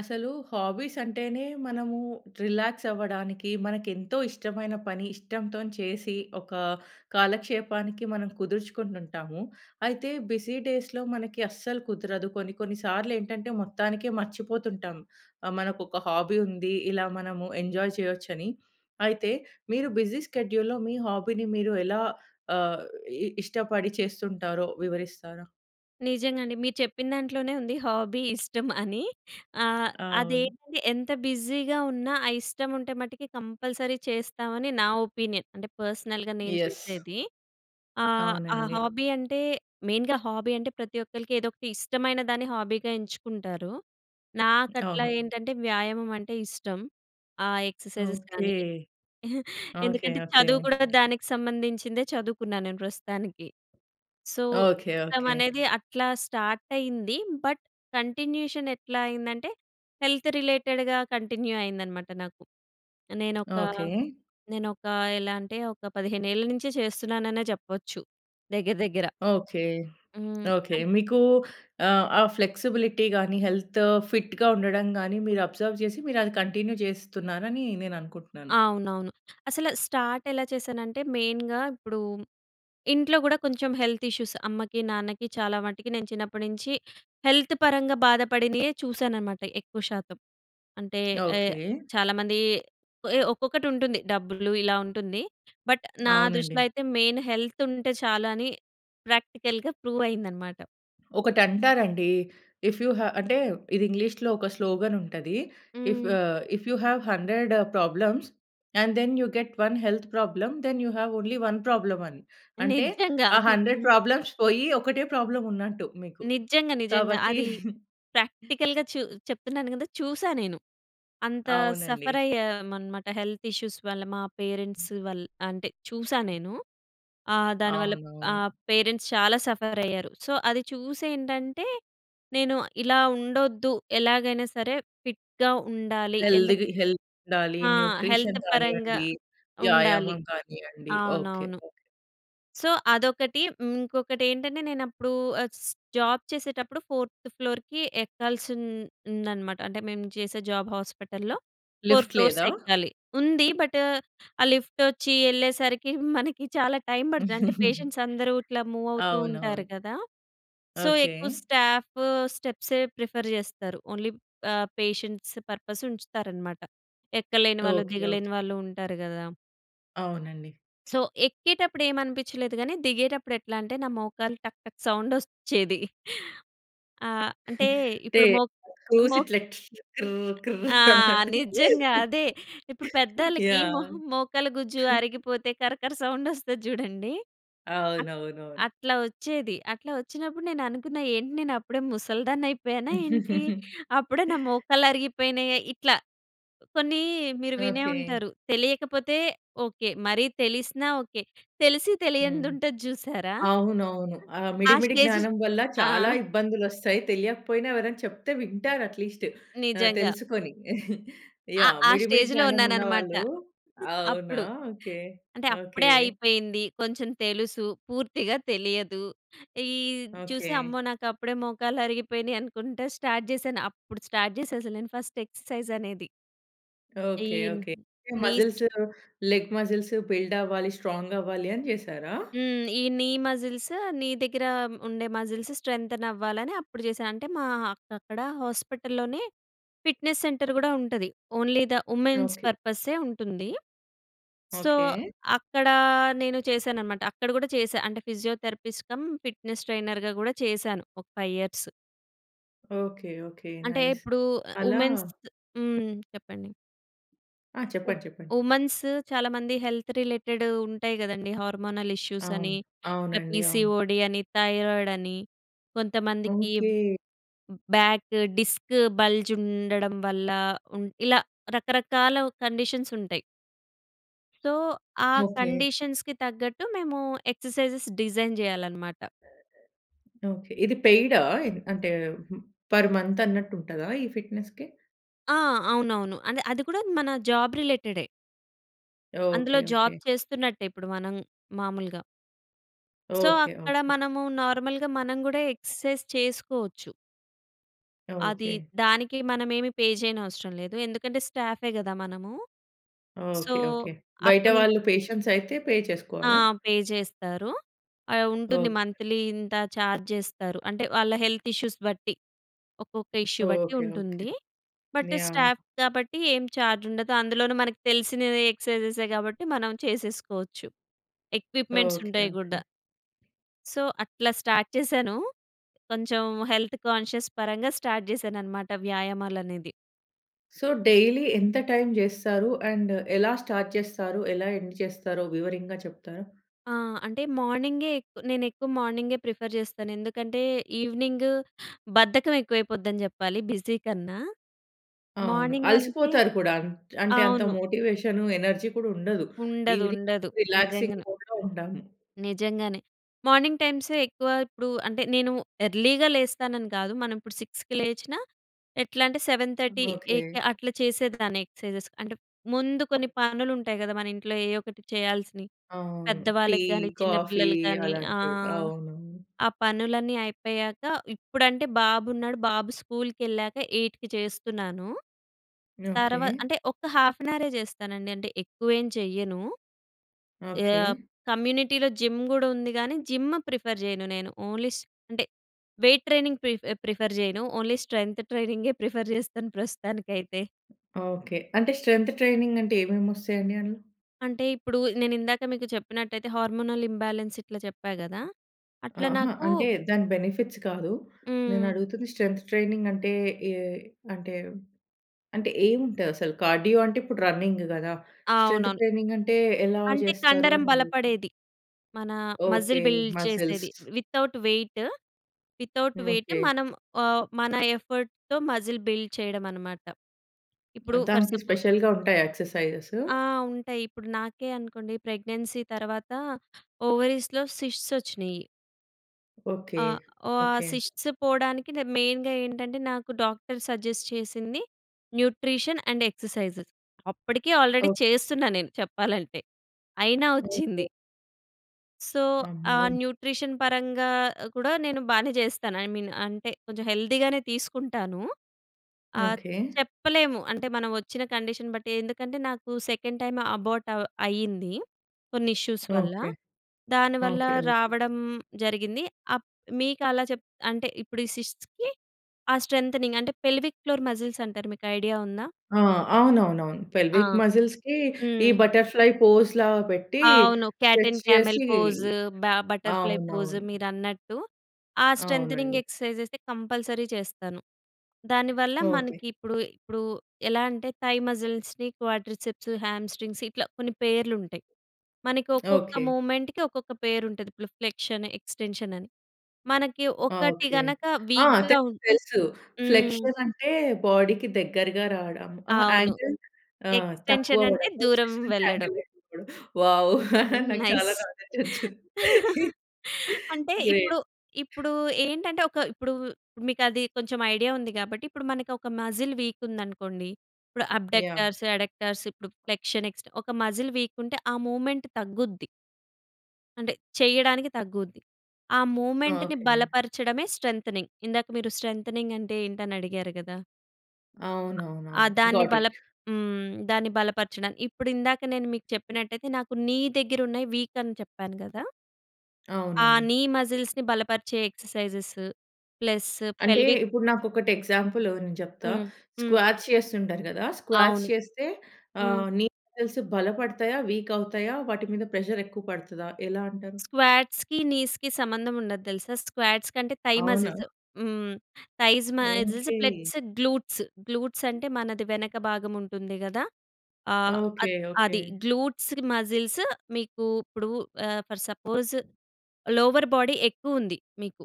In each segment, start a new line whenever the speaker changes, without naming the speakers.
అసలు హాబీస్ అంటేనే, మనము రిలాక్స్ అవ్వడానికి, మనకు ఎంతో ఇష్టమైన పని ఇష్టంతో చేసి, ఒక కాలక్షేపానికి మనం కుదుర్చుకుంటు ఉంటాము. అయితే, బిజీ డేస్‌లో మనకి అస్సలు కుదరదు. కొన్ని కొన్ని సార్లు ఏంటంటే, మొత్తానికే మర్చిపోతుంటాం. ఆహ్, మనకు ఒక హాబీ ఉంది, ఇలా మనము ఎంజాయ్ చేయొచ్చని. అయితే, మీరు బిజీ షెడ్యూల్‍లో, మీ హాబీని మీరు ఎలా ఆహ్, ఇ ఇష్టపడి చేస్తుంటారో, వివరిస్తారా?
నిజంగా అండి. మీరు చెప్పిన దాంట్లోనే ఉంది, హాబీ ఇష్టం అని. ఆహ్,
అవును.
అదేంటంటే, ఎంత బిజీగా ఉన్నా ఆ ఇష్టం ఉంటే మటికి కంపల్సరీ చేస్తామని, నా ఒపీనియన్. అంటే, పర్సనల్‌గా నేను
యస్.
చేసేది. ఆహ్, ఆ
అవునండి.
హాబీ అంటే, మెయిన్‍గా హాబీ అంటే ప్రతి ఒక్కరికి ఏదో ఒకటి ఇష్టమైన దాన్ని హాబీగా ఎంచుకుంటారు. నాకట్ల
అవును.
ఏంటంటే, వ్యాయామం అంటే ఇష్టం. ఆ ఎక్సర్సైజెస్
ఓకే.
కానీ,
ఓకే,
ఎందుకంటే
ఓకే.
చదువు కూడా దానికి సంబంధించిందే చదువుకున్నాను నేను ప్రస్తుతానికి. సో,
ఓకే,
ఇష్టం
ఓకే.
అనేది అట్లా స్టార్ట్ అయింది. బట్ కంటిన్యూయేషన్ ఎట్లా అయిందంటే, హెల్త్ రిలేటెడ్‌గా కంటిన్యూ అయిందన్నమాట నాకు. నేనొక
ఓకే.
నేనొక ఎలా అంటే, ఒక 15 ఏళ్ల నుంచే చేస్తున్నాననే చెప్పొచ్చు, దగ్గర దగ్గర.
ఓకే.
హ్మ్.
ఓకే. మీకు ఆహ్, ఆ ఫ్లెక్సిబిలిటీగాని, హెల్త్ ఫిట్‌గా ఉండడంగాని, మీరు అబ్జర్వ్ చేసి, మీరు అది కంటిన్యూ చేస్తున్నారని, నేను అనుకుంటున్నాను.
అవునవును. అసలు స్టార్ట్ ఎలా చేశానంటే, మెయిన్‍గా ఇప్పుడు, ఇంట్లో కూడా కొంచెం హెల్త్ ఇష్యూస్ అమ్మకి, నాన్నకి చాలా మట్టికి నేను చిన్నప్పటి నుంచి, హెల్త్ పరంగా బాధపడినవే చూశానన్నమాట, ఎక్కువ శాతం. అంటే ఏ
ఓకే.
చాలామంది ఒక్కొక్కటి ఉంటుంది, డబ్బులు ఇలా ఉంటుంది. బట్ నా దృష్టిలో
అవునండి.
అయితే మెయిన్ హెల్త్ ఉంటే చాలు అని, ప్రాక్టికల్‍గా ప్రూవ్ అయిందన్నమాట.
ఒకటి అంటారండి. ఇఫ్ యు హావ్ అంటే, ఇది ఇంగ్లీష్‌లో ఒక స్లోగన్ ఉంటది. ఇఫ్
హ్మ్.
ఆహ్, "if you have 100 problems, and then you get 1 health problem, then you have only 1 problem" అని. అంటే,
నిజంగా.
ఆ 100
హ్మ్.
ప్రాబ్లమ్స్ పోయి, ఒకటే ప్రాబ్లమ్ ఉన్నట్టు మీకు.
నిజంగా, నిజంగా.
కాబట్టి
అది ప్రాక్టికల్‌గా చూ చెప్తున్నాను కదా! చూసా నేను. అంత
అవునండి.
సఫర్ అయ్యామన్నమాట, హెల్త్ ఇష్యూస్ వల్ల మా పేరెంట్స్ వల్ అంటే చూశా నేను. ఆహ్, దాని వల్ల
అవునవును.
ఆహ్, పేరెంట్స్ చాలా సఫర్ అయ్యారు. సో, అది చూసి ఏంటంటే, నేను ఇలా ఉండొద్దు, ఎలాగైనా సరే ఫిట్‍గా ఉండాలి. ఎందుకు
హెల్త్‌కి హెల్త్‌ ఉండాలి.
ఆ! హెల్త్
న్యూట్రిషన్‌
పరంగా
గానీయండి,
ఉండాలి.
వ్యాయామం కానీయండి. ఓకే.
అవునవును.
ఓకే.
సో, అదొకటి. ఇంకొకటి ఏంటంటే, నేను అప్పుడు ఆహ్, స్ జాబ్ చేసేటప్పుడు ఫోర్త్ ఫ్లోర్‌కి ఎక్కాల్సి ఉం ఉందన్నమాట. అంటే మేము చేసే జాబ్ హాస్పిటల్‍లో, ఫోర్
లిఫ్ట్
ఫ్లోర్స్
లేదా!
ఎక్కాలి. ఉంది. బట్, ఆ లిఫ్ట్ వచ్చి వెళ్ళేసరికి మనకి చాలా టైం పడతది. అంటే, పేషెంట్స్ అందరూ ఇట్లా మూవ్ అవుతూ ఉంటారు
అవునవును.
కదా! సో, ఎక్కువ
ఓకే.
స్టాఫ్ స్టెప్సే ప్రిఫర్ చేస్తారు. ఓన్లీ ఆహ్, పేషెంట్స్ పర్పస్ ఉంచుతారన్నమాట. ఎక్కలేని
ఓకే,
వాళ్ళు,
ఓకే.
దిగలేని వాళ్ళు ఉంటారు కదా!
అవునండి.
సో ఎక్కేటప్పుడు ఏమనిపించలేదు. కానీ దిగేటప్పుడు ఎట్లా అంటే నా మోకాలు టక్ టక్ సౌండ్ ఒచ్చేది. ఆ! అంటే
అంటే
ఇప్పుడు మో
స్క్రూస్
మో
ఇట్లా టిష్ కిర్ కిర్
ఆ!
అన్నట్టు.
నిజంగా అదే. ఇప్పుడు పెద్దోళ్ళకి
యాహ్!
మొహ మోకల గుజ్జు అరిగిపోతే కరకర సౌండ్ ఒస్తది చూడండి. అట్ట
అవునవునవును.
అట్లా వచ్చేది. అట్లా వచ్చినప్పుడు నేను అనుకున్నా ఏంటి, నేను అప్పుడే ముసలిదాన్ని అయిపోయానా ఏంటి. అప్పుడే నా మోకళ్ళు అరిగిపోయినాయా ఇట్లా కొన్ని మీరు వినే
ఓకె.
ఉంటారు తెలియకపోతే, ఓకె. మరి తెలిసినా, ఓకె. తెలిసి
హ్మ్.
తెలియనిది ఉంటది చూసారా?
అవునవును. ఆ
ఆ
మిడి మిడి
స్టేజ్
జ్ఞానం వల్ల
ఆ!
చాలా ఇబ్బందులు వస్తాయి. తెలియకపోయినా ఎవరైనా చెప్తే వింటారు అట్లీస్ట్ ఆహ్,
నిజంగా.
తెలుసుకొని.
అ
యాహ్!
ఆ
మిడి మిడి
స్టేజ్‌లో
జ్ఞానం
ఉన్నాను అన్నమాట.
ఉన్నవాళ్ళు అవునా!
అప్పుడు.
ఓకె.
అంటే అప్పుడే
ఓకె.
అయిపోయింది. కొంచెం తెలుసు, పూర్తిగా తెలియదు. ఈ చూసి,
ఓకె.
అమ్మో! నాకు అప్పుడే మోకాళ్ళు అరిగిపోయినాయి అనుకుంటా స్టార్ట్ చేశాను. అప్పుడు స్టార్ట్ చేసా అసలు నేను ఫస్ట్ ఎక్సర్‌సైజ్ అనేది. ఈ
okay. Okay.
Knees
muscles, leg muscles build అవ్వాలి స్ట్రాంగ్ అవ్వాలి అని చేసారా?
హ్మ్. ఈ నీ మజిల్స్, నీ దగ్గర ఉండే మాజిల్స్ స్ట్రెంతెన్ అవ్వాలని అప్పుడు చేశా అంటే మా అక్ అక్కడ హాస్పిటల్‍లోనే ఫిట్‍నెస్ సెంటర్ కూడా ఉంటది. Only the womens
okay.
పర్పసె ఉంటుంది. So
okay.
అక్కడ నేను చేశాననమాట. అక్కడ కూడా చేశా. అంటే ఫిజియోథెరపిస్ట్ కం ఫిట్నెస్ ట్రైనర్‌గా కూడా చేశాను ఒక 5 ఇయర్స్.
ఓకే. ఓకే.
అంటే
నైస్
ఇప్పుడు
అలా
ఉమెన్స్ హ్మ్. చెప్పండి.
ఆ!
ఉ
చెప్పండి, చెప్పండి.
ఉమాన్స్ చాలామంది హెల్త్ రిలేటెడ్ ఉంటాయి గదండీ హార్మొనల్ ఇష్యూస్ అని,
అవును. అవునండి అవును.
పీసీఓడీ అని, థైరాయిడ్ అని, కొంతమందికి
ఓకే.
బ్యాక్ డిస్క్ బల్జ్ ఉండడం వల్ల, ఉం ఇలా రకరకాల కండిషన్స్ ఉంటాయి. సో, ఆ
ఓకే.
కండీషన్స్‌కి తగ్గట్టు మేము ఎక్సర్‌సైజెస్ డిజైన్ జేయాలన్నమాట.
ఓకే. ఇది పెయిడా? అంటే పర్ మంత్ అన్నట్టు ఉంటదా ఈ ఫిట్‌నెస్‌కి?
ఆ! అవునవును అంటె అది కూడా మన జాబ్ రిలేటెడే. అందులో
ఓకే.
Job
okay.
చేస్తున్నట్టే. ఇప్పుడు మనం మామూలుగా. So,
okay.
అక్కడ
ఓకే.
మనము నార్మల్‌గా మనం గూడా ఎక్సర్‌సైజ్ చేసుకోవచ్చు. అది
ఓకే.
దానికి మనమేమి పే చేయనవసరం లేదు. ఎందుకంటే స్టాఫే గదా మనము. So,
okay. ఓకే. బయట
అప్పటినుంచి
వాళ్ళు పేషెంట్స్ అయితే పే
ఆ!
చేసుకోవాలా?
పే చేస్తారు. ఆహ్, ఉంటుంది
ఓకే.
మంత్లీ ఇంత ఛార్జ్ చేస్తారు. అంటే వాళ్ళ హెల్త్ ఇష్యూస్ బట్టి ఒక్కొక్క ఇష్యూ బట్టి
ఓకే. ఓకే.
ఉంటుంది. But
yeah!
స్టాఫ్ కాబట్టి ఏం ఛార్జ్ ఉండదు. అందులోను మనకు తెలిసినవె ఎక్సర్‌సైజెసె కాబట్టి మనం చేసేసుకోవచ్చు ఎక్విప్‌మెంట్స్
ఓకే.
ఉంటాయి
ఓకే.
గూడా. సో, అట్లా చేశాను. కొంచెం హెల్త్ కాన్‌షియస్ పరంగా స్టార్ట్ చేశాననమాట వ్యాయామాలు అనేది.
సో డైలీ ఎంత టైం చేస్తారు? అండ్ ఎలా స్టార్ట్ చేస్తారు? ఎలా ఎండ్ చేస్తారో వివరంగా చెప్తారా?
ఆ! అంటే మార్నింగే ఎక్ నేను ఎక్కువ మార్నింగే ప్రిఫర్ చేస్తాను. ఎందుకంటే ఈవినింగ్ బద్ధకం ఎక్కువైపోద్దని చెప్పాలి బిజీ కన్నా.
అవును.
మార్నింగ్ అంటే
అలసిపోతారు కూడా. అంటే అంత
అవును.
మోటివషన్ ఎనర్జీ కూడా ఉండదు.
ఉండదు.
ఈవినింగ్
ఉండదు.
రిలాక్సింగ్
నిజంగానే.
మూడ్‌లో ఉంటాము.
నిజంగానే. మార్నింగ్ టైమ్సే ఎక్కువ ఇప్పుడు అంటే నేను ఎర్లీగా లేస్తానని కాదు. మనం ఇప్పుడు 6కి లేచినా ఎట్లా అంటే సెవెన్ థర్టీ
హ్మ్, ఓకె.
ఎయిట్‌కి అట్లా చేసేదాన్ని ఎక్సర్సైజెస్. అంటే ముందు కొన్ని పనులు ఉంటాయి కదా మన ఇంట్లో. ఏయో ఒకటి చేయాల్సినని
అవును టీ
పెద్దవాళ్ళకి కానీ చిన్న
కాఫీ
పిల్లలు కానీ
అలాంటివి.
ఆహ్,
అవును.
ఆ పనులన్నీ అయిపోయాక ఇప్పుడంటే బాబు ఉన్నాడు. బాబు స్కూల్‌కెళ్ళాక 8కి చేస్తున్నాను. తర్వ
ఓకె.
అంటే ఒక్క హాఫ్ యాన్ హవరే చేస్తానండి. అంటే ఎక్కువేం చెయ్యను.
ఓకె.
ఆహ్, కమ్యూనిటీలో జిమ్ గూడా ఉంది కానీ జిమ్ ప్రిఫర్ చేయను నేను. ఓన్లీ అంటే వెయిట్ ట్రైనింగ్ ప్రిఫ్ ప్రిఫర్ చేయను. ఓన్లీ స్ట్రెంత్ ట్రైనింగే ప్రిఫర్ చేస్తాను ప్రస్తుతానికైతే.
ఓకె. అంటే స్ట్రెంత్ ట్రైనింగ్ అంటే ఏమేమి వస్తాయి అండి అందులో?
అంటే, ఇప్పుడు నేను ఇందాక మీకు చెప్పినట్టయితే హార్మోనల్ ఇంబాలెన్స్ ఇట్లా చెప్పా కదా! అట్ల
అహా!
నాకు
అంటే దాని బెనిఫిట్స్ కాదు. నేను
హ్మ్.
అడుగుతుంది స్ట్రెంత్ ట్రైనింగ్ అంటే ఏ అంటే, అంటే ఏముంటది అసలు? కార్డియో అంటే, ఇప్పుడు రన్నింగ్ కదా! స్ట్రెం‌త్
అవునవును.
ట్రైనింగ్ అంటే ఎలా
అంటే
చేస్తారు
కండరం
అని అడుగుతున్నా?
బలపడేది. మన
ఓకే.
మజిల్ బిల్డ్ చేసేది.
Muscles.
Without weight, without weight
okay.
మనం ఆహ్, మన ఎఫర్ట్‌తో మజిల్ బిల్డ్ చేయడం అన్నమాట. ఇప్పుడు ఫర్
దానికి
సపో
స్పెషల్‌గా ఉంటాయా ఎక్సర్సైజెస్?
ఆ! ఉంటాయి. ఇప్పుడు నాకే అనుకోండి ప్రెగ్నెన్సీ తర్వాత ఓవరీస్‌లో శిష్ట్స్ వచ్చినయి.
ఓకె,
ఆ! ఓహ్, ఆ
ఓకె.
శిష్ట్స్ పోవడానికి మెయిన్‌గా ఏంటంటే, నాకు డాక్టర్ సజెస్ట్ చేసింది న్యూట్రిషన్ అండ్ ఎక్సర్సైజెస్. అప్పటికే ఆల్రెడీ
ఓహ్!
చేస్తున్నా నేను చెప్పాలంటే. అయినా
ఓకె.
వచ్చింది. సో ఆహ్,
అమ్మో!
న్యూట్రిషన్ పరంగా కూడా నేను బానే చేస్తాను. ఐ మీన్ అంటే, కొంచెం హెల్తీగానే తీసుకుంటాను. ఆహ్,
ఓకే.
చెప్పలేము అంటే మనం వచ్చిన కండిషన్ బట్టి ఎందుకంటే, నాకు సెకండ్ టైమ్ అబార్ట్ అ అయ్యింది, కొన్ని ఇష్యూస్ వల్ల.
ఓకే.
దానివల్ల
ఓకె, ఓకె.
రావడం జరిగింది. అప్ మీకలా చెప్ అంటే, ఇప్పుడు ఈ సిస్ట్స్‌కి ఆ స్ట్రెంథెనింగ్ అంటే, పెల్విక్ ఫ్లోర్ మజిల్స్ అంటారు మీకు ఐడియా ఉందా?
ఆ! అవునవునవును.
ఆ!
పెల్విక్ మ‌జిల్స్‌కి ఈ
హ్మ్.
బట్టర్‌ఫ్లై పోస్‌లా పెట్టి
అవును. క్యాట్
స్ట్రచ్
అండ్ క్యామెల్
చేసి
పోస్, బ బట్టర్‌ఫ్లై పోస్
అవునవును.
మీరన్నట్టు. ఆ స్ట్రెంథెనింగ్
అవునండి.
ఎక్సర్సైజెస్‌ అయితే కంపల్సరీ చేస్తాను. దానివల్ల
ఓకె.
మనకి ఇప్పుడు, ఇప్పుడు ఎలా అంటే థై మజిల్స్‌, రీ క్వాడ్రిసే‌ప్స్, హ్యామ్ స్ట్రింగ్స్ ఇట్లా కొన్ని పేర్లు ఉంటాయి. మనకి ఒక్కొక్క
ఓకే.
మూవ్మెంట్‌కి ఒక్కొక్క పేరుంటది. ప్రిఫ్లెక్షన్, ఎక్స్టెన్షన్ అని, మనకి
అ!
ఒకటి
ఓకె.
గనక
ఆ!
వీక్‍గా
తెలుసు.
ఉం
తెలుసు.
హ్మ్.
ఫ్లెక్షన్ అంటే, బాడీకి దగ్గరగా రావడం. అహా! ఆ
అవును.
యాంగిల్ ఆహ్, తక్కువ
ఎక్స్టెన్షన్ అంటే
అవ్వడం.
దూరం
ఫ్లెక్షన్ అంటే
వెళ్ళడం.
యాంగిల్ ఎక్కువ అవ్వడం. వావ్! నాకు
నైస్.
చాలా నాలె‌డ్జ్ వచ్చింది.
అంటే ఇప్పుడు,
గ్రేట్.
ఇప్పుడు ఏంటంటే, ఒక ఇప్పుడు మీకు అది కొంచెం ఐడియా ఉంది. కాబట్టి ఇప్పుడు మనకి ఒక మజిల్ వీక్ ఉందనుకోండి, ఇప్పుడు
యాహ్!
అబ్‌డ‌క్ట‌ర్స్, అడక్టర్స్ ఇప్పుడు ఫ్లెక్షన్ ఎక్స్టె ఒక మజిల్ వీక్ ఉంటే, ఆ మూవ్మెంట్ తగ్గుద్ది. అంటే చేయడానికి తగ్గుద్ది. ఆ మూవ్మెంట్‌ని
ఓకె.
బలపరచడమే స్ట్రెంతెనింగ్. ఇందాక మీరు స్ట్రెంతెనింగ్ అంటే ఏంటి అని అడిగారు గదా. ఆ
అవునవునవును.
దాన్ని
గాట్
బల
ఇట్.
హ్మ్. దాన్ని బలపరచడం. ఇప్పుడు ఇందాక నేను మీకు చెప్పినట్టయితే నాకు నీ దగ్గర ఉన్నాయి వీక్ అని చెప్పాను గదా! ఆ!
అవునండి.
నీ మస్జిల్స్‌ని బలపరిచే ఎక్సర్సైజెస్, ప్లస్
అంటే
పెల్విక్
ఇప్పుడు నాకు ఒకటి ఎగ్జాంపుల్ నేను చెప్తా.
హ్మ్. హ్మ్.
స్క్వాట్స్ చేస్తుంటారు కదా, స్క్వాట్స్
అవును.
చేస్తే
హ్మ్.
ఆహ్, నీ మసిల్స్ బలపడతా? వీక్ అవుతాయా? వాటి మీద ప్రెషర్ ఎక్కువ పడతదా? ఎలా అంటారు?
స్క్వాట్స్‌కి, నీస్‍కి సంబంధం ఉండదు తెలుసా. స్క్వాట్స్ కంటే థై
అవునా?
మస్జిల్స్ హ్మ్. Thighs muscles
okay.
Plus glutes. Glutes అంటే మనది వెనక భాగం ఉంటుంది గదా. ఆహ్, అ
ఓకె.
అది
ఓకె.
గ్లూట్స్ మస్జిల్సు మీకు ఇప్పుడు ఆహ్, ఫర్ సపోజ్ లోవర్ బాడీ ఎక్కువ ఉంది మీకు.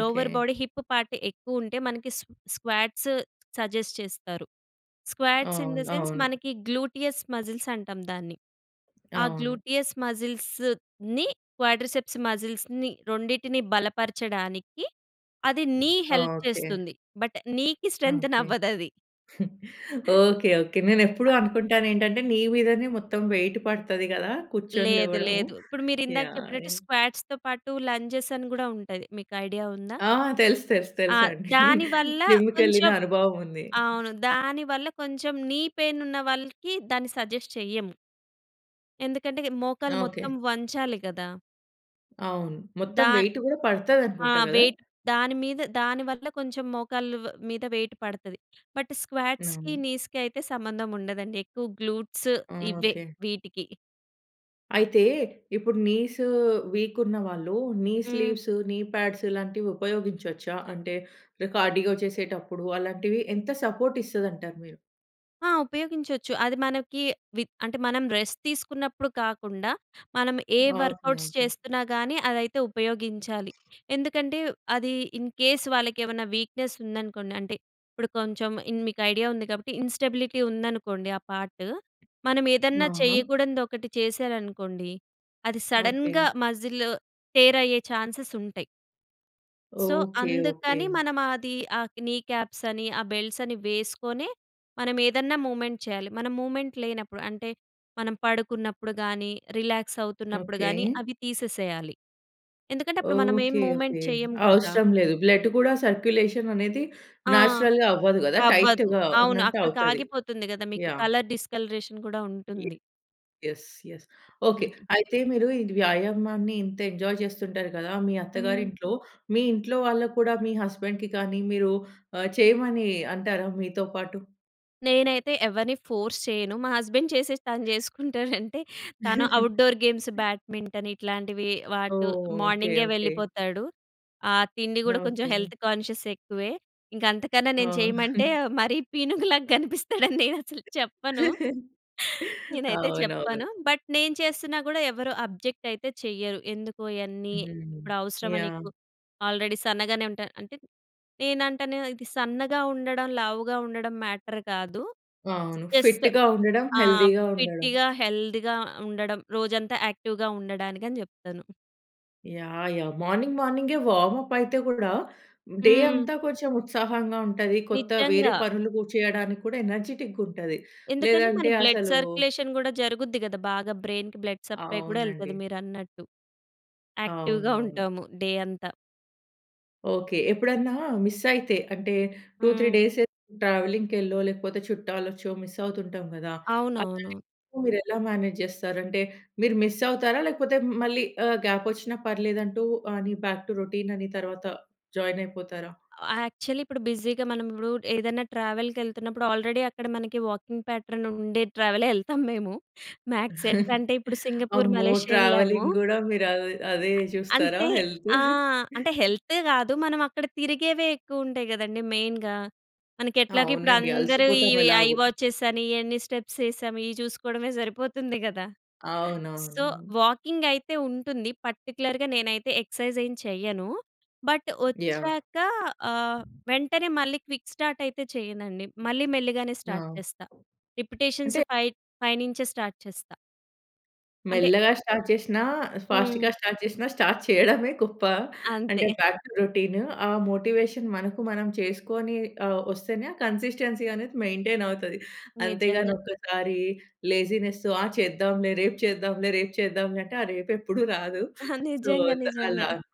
లోవర్ బాడీ హిప్ పార్ట్ ఎక్కువ ఉంటే మనకి స్ స్క్వాట్స్ సజెస్ట్ చేస్తారు. స్క్వాట్స్ ఇన్ ది
అవును.
సెన్స్
అవును.
మనకి గ్లూటియస్ మజిల్స్ అంటాం దాన్ని. ఆ
అవును.
గ్లూటియస్ మజిల్స్‌ని క్వాడర్‌సెప్స్ మజిల్స్‌ని రెండిటిని బలపరచడానికి అది నీ హెల్ప్
ఓకె.
చేస్తుంది. బట్ నీకి స్ట్రెంతెన్
ఓకె.
అవ్వదు అది.
Okay, okay. నేను ఎప్పుడు అనుకుంటాను ఏంటంటే నీ మీదనే మొత్తం వెయిట్ పడతది కదా కూర్చొని
లేదు,
లేవడం.
లేదు. ఇప్పుడు మీరు ఇందాక
యాహ్!
చెప్పినట్టు
యాహ్!
స్క్వాట్స్‌తో పాటు లంజెస్ అని కూడా ఉంటాయి. మీకు ఐడియా ఉందా?
ఆ! తెలుసు, తెలుసు,
ఆ!
తెలుసు అండి.
దానివల్ల
జిమ్‌కి వెళ్ళిన
కొంచెం
అనుభవం ఉంది.
అవును. దానివల్ల కొంచెం నీ పెయిన్ ఉన్న వాళ్ళకి దాన్ని సజెస్ట్ చెయ్యము. ఎందుకంటే మోకాలు మొత్తం
ఓకె.
వంచాలి గదా!
అవును. మొత్తం
దా
వెయిట్ కూడా
ఆ!
పడతదనుకుంటా కదా!
వెయిట్ దాని మీద దాని వల్ల కొంచెం మోకాళ్ళ వ్ మీద వెయిట్ పడతది. బట్ స్క్వాట్స్‌కి,
అవును.
నీస్‍కి అయితే సంబంధం ఉండదండి. ఎక్కువ గ్లూట్స్
ఆ!
ఇవే,
ఓకే.
వీటికి.
అయితే, ఇప్పుడు నీసు వీక్ ఉన్న వాళ్ళు నీ
హ్మ్.
స్లీవ్స్, నీ పాడ్స్ ఇలాంటివి ఉపయోగించొచ్చా? అంటే, రే కార్డియో చేసేటప్పుడు అలాంటివి ఎంత సపోర్ట్ ఇస్తాదంటారు మీరు?
ఆ! ఉపయోగించొచ్చు. అది మనకి వి అంటే, మనం రెస్ట్ తీసుకున్నప్పుడు కాకుండా మనం ఏ
ఓకే,
వర్క్‌ఔట్స్
ఓకే.
చేస్తున్నా గానీ అదైతే ఉపయోగించాలి. ఎందుకంటే, అది ఇన్‌ కేస్ వాళ్ళకేమన్నా వీక్‍నెస్ ఉందనుకోండి అంటే, ఇప్పుడు కొంచెం ఇన్ మీకు ఐడియా ఉంది కాబట్టి ఇన్‌స్టబిలిటీ ఉందనుకోండి ఆ పార్టు, మనం ఏదన్నా
ఆహా!
చేయకూడనిది ఒకటి చేశారనుకోండి, అది సడన్‍గా
ఓకే.
మసిల్ టేర్ అయ్యే ఛాన్సెస్ ఉంటాయి. So
okay, okay.
అందుకని మనం అది ఆక్ నీ కాప్స్ అని, ఆ బెల్ట్స్ అని వేసుకొనె మనం ఏదన్నా మూ‌వ్‌మెంట్ చేయాలి. మనం మూ‌వ్‌మెంట్ లేనప్పుడు, అంటే మనం పడుకున్నప్పుడు గాని, రిలాక్స్ అవుతున్నప్పుడు
ఓకే.
గాని, అవి తీసేసేయాలి. ఎందుకంటే, అప్పుడు మనం ఏమి
ఓకే,
మూ‌వ్‌మెంట్
ఓకే.
చేయం కదా!
అవసరం లేదు. బ్లడ్ కూడా సర్కులేషన్ అనేది
ఆ!
నేచురల్‌గా అవ్వదు కదా!
అవ్వదు.
టైట్‌గా
అవును, అక్కడికి
ఉన్నట్టవుతది.
ఆగిపోతుంది కదా మీకు
యాహ్.
కలర్ డిస్కలరేషన్ గూడా
ఇ
ఉంటుంది.
యెస్. యెస్. ఓకే. అయితే మీరు ఇది వ్యాయామాన్ని ఇంత ఎంజాయ్ చేస్తుంటారు కదా! మీ
హ్మ్.
అత్తగారింట్లో, మీ ఇంట్లోవాళ్ళకి కూడా మీ హస్బాండ్‌కి కానీ మీరు ఆహ్, చేయమని అంటారా మీతో పాటు?
నేనైతే ఎవరిని ఫోర్స్ చేయను. మా హస్బెండ్ చేసిస్తా అని చేసుకుంటాడంటే, తను ఔట్‌డోర్ గేమ్స్, బ్యాడ్మింటన్ ఇట్లాంటివి వాటు
ఓహ్! ఓకె.
మార్నింగే
ఓకె.
వెళ్ళిపోతాడు. ఆ తిండి కూడా కొంచెం
ఓకె.
హెల్త్ కాన్షియస్ ఎక్కువే. ఇంక అంతకన్నా
ఆ!
నేను చేయమంటే, మరీ పీనుగులాగా కనిపిస్తాడని, నేను అసలు చెప్పను, నేనైతే చెప్పను.
అవునవును.
బట్, నేను చేస్తున్నా కూడా ఎవరు అబ్జెక్ట్ అయితే చెయ్యరు. "ఎందుకు ఇయన్నీ,
హ్మ్.
ఇప్పుడు అవసరమా
యాహ్!
నీకు? ఆల్రెడీ సన్నగానే ఉంటా" అంటే, నేనంటాను, ఇది సన్నగా ఉండడం, లావుగా ఉండడం మ్యాటర్ కాదు.
అవును.
జస్ట్
ఫిట్‌గా ఉండడం,
ఆహ్,
హెల్తీ‌గా ఉండడం.
ఫిట్‌గా, హెల్త్‌గా ఉండడం, రోజంతా యాక్టివ్‍గా ఉండడానికి అని చెప్తాను.
Yeah, yeah! మార్నింగ్, మార్నింగే వార్మప్ అయితే కూడా, డే
హ్మ్.
అంతా కొంచెం ఉత్సాహంగా ఉంటది. కొత్త వేరే
నిజ్జంగా.
పనులు కు చేయడానికి కూడా ఎనర్జిటిక్‌గా ఉంటది.
ఎందుకంటే, మన
లేదంటే
బ్లడ్
అసలు
సర్క్యులేషన్ కూడా జరుగుద్ది కదా! బాగా బ్రెయిన్‌కి బ్లడ్ సప్లై కూడా ఎళ్తాది
అవునండి.
మీరన్నట్టు. యాక్టివ్‌గా
అవునవును.
ఉంటాము, డే అంతా.
ఓకె. ఎప్పుడన్నా మిస్ అయితే, అంటే 2, 3
హ్మ్.
డేస్ ట్రావెలింగ్‌కెళ్ళో, లేకపోతే చుట్టాలొచ్చో మిస్ అవుతుంటాం కదా!
అవునవును.
[unintelligible] మీరు ఎలా మేనేజ్ చేస్తారంటే, మీరు మిస్ అవుతారా? లేకపోతే మళ్ళీ ఆహ్, గ్యాప్ వచ్చినా పర్లేదంటూ అని, బ్యాక్ టు రొటీన్ అని తర్వాత, జాయిన్ అయిపోతారా?
అవ యాక్చువలీ, ఇప్పుడు బిజీగా మనం ఇప్పుడు, ఏదన్నా ట్రావెల్‌కెళ్తున్నప్పుడు, ఆల్రెడీ అక్కడ మనకి వాకింగ్ ప్యాటర్న్ ఉండే ట్రావెలే ఎళ్తాము మేము. మ్యాక్స్ ఎట్లా అంటే, ఇప్పుడు సింగపూర్,
అమ్మో!
మలేషియా ఎళ్ళాము.
ట్రావెలింగ్ కూడా మీరు అదే అదే చూస్తారా?
అంటే,
హెల్త్.
ఆ! అంటే హెల్తే కాదు, మనం అక్కడ తిరిగేవే ఎక్కువుంటాయి కదండీ! మెయిన్‍గా. మనకి ఎట్లాగో ఇప్పుడు
అవునండి,
అందరూ ఈ
అలసిపోతాం
ఐ
ఎలాగో.
వాచెస్ అని, ఎన్ని స్టెప్స్ ఎసాము, ఇవి చూసుకోవడమే సరిపోతుంది కదా! సో,
అవునవును.
వాకింగ్ అయితే ఉంటుంది. పర్టిక్యులర్‌గా నేనైతే ఎక్సర్సైజ్ ఏం చేయను. But
yeah!
వచ్చాక ఆహ్, వెంటనే మళ్ళీ క్విక్ స్టార్ట్ అయితే చెయ్యనండి. మళ్ళీ మెల్లిగానే స్టార్ట్
ఆ!
చేస్తా. రిపిటీషన్స్
అంటే
ఫై ఫై నుంచే స్టార్ట్ చేస్తా. అంటే
మెల్లగా స్టార్ట్ చేసినా, ఫాస్ట్‌గా
హ్మ్.
స్టార్ట్ చేసినా స్టార్ట్ చేయడమే గొప్ప. అంటే,
అంతే.
Back to routine. ఆ మోటివేషన్ మనకు మనం చేసుకొని ఆహ్, వస్తేనే, ఆ కన్సిస్టెన్సీ అనేది, మెయింటైన్ అవుతది. అంతేగాని,
నిజంగా.
ఒక్కసారి లేజీనెస్ ఆ చేద్దాంలే, రేపు చేద్దాంలే, రేపు చేద్దాంలే అంటే, ఆ రేపు ఎప్పుడూ రాదు. సో,
నిజంగా.
ఇంక
నిజంగా.
అలా అనమాట.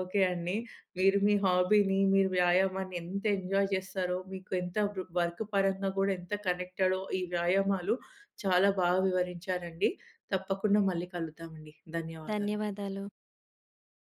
ఓకే అండి.
హ్మ్.
మీరు మీ హాబీని, మీరు వ్యాయామాన్ని ఎంత ఎంజాయ్ చేస్తారో, మీకు ఎంత వ్ వర్క్ పరంగా కూడా ఎంత కనెక్టడో, ఈ వ్యాయామాలు చాలా బాగా వివరించారండి. తప్పకుండా మళ్ళీ కలుద్దామండి. ధన్యవాదాలు.
ధన్యవాదాలు.